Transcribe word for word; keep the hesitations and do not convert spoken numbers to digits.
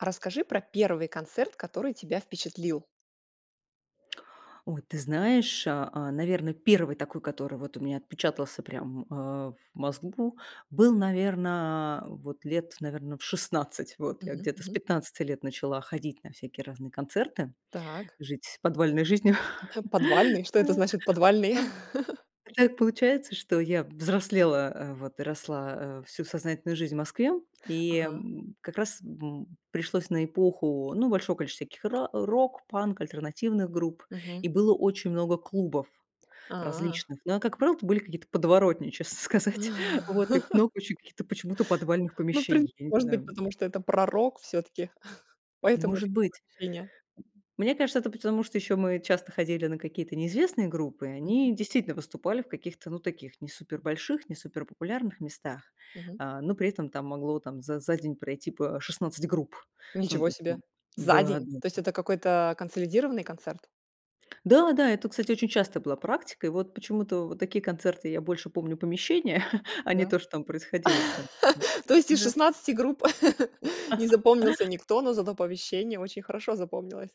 Расскажи про первый концерт, который тебя впечатлил. Ой, ты знаешь, а а, наверно, первый такой, который вот у меня отпечатался прям в, э, в мозгу, был, наверно, э, вот лет, наверно, в шестнадцать. Вот я Мгм. где-то с Мгм. пятнадцати лет начала ходить на всякие разные концерты, Так. жить подвальной жизнью. "Подвальный". Что это значит- "подвальный"? А, а, а так получается, что я взрослела, а, вот и росла, э, всю сознательную жизнь в Москве, и, Ага. м, как раз м, м, пришлось на эпоху, ну, большого количества всяких ра э, рок-панк, альтернативных групп, Мгм. и было очень много клубов А. различных. Но, а как правило, это были какие-то подворотни, честно сказать. Вот и п много очень каких-то почему-то подвальных Ну, в прин помещений. Я не может быть, знаю. потому что это пророк всё-таки, поэтому. Может быть. [unintelligible] Мне кажется, это потому, что еще мы часто ходили на какие-то неизвестные группы, и Мгм. они действительно выступали в каких-то, ну, таких не супер больших, не супер популярных местах. Мгм. А, но при этом там могло там за за день пройти по шестнадцать групп. Ну, Ничего то есть там себе! За н-да день? да. То есть это какой-то консолидированный концерт? Да да, это, кстати, очень часто была практика. И вот почему-то вот такие концерты я больше помню помещение, а не Да? то, что там происходило б там. Да То есть из да. шестнадцати групп не запомнился никто, но зато помещение очень хорошо запомнилось?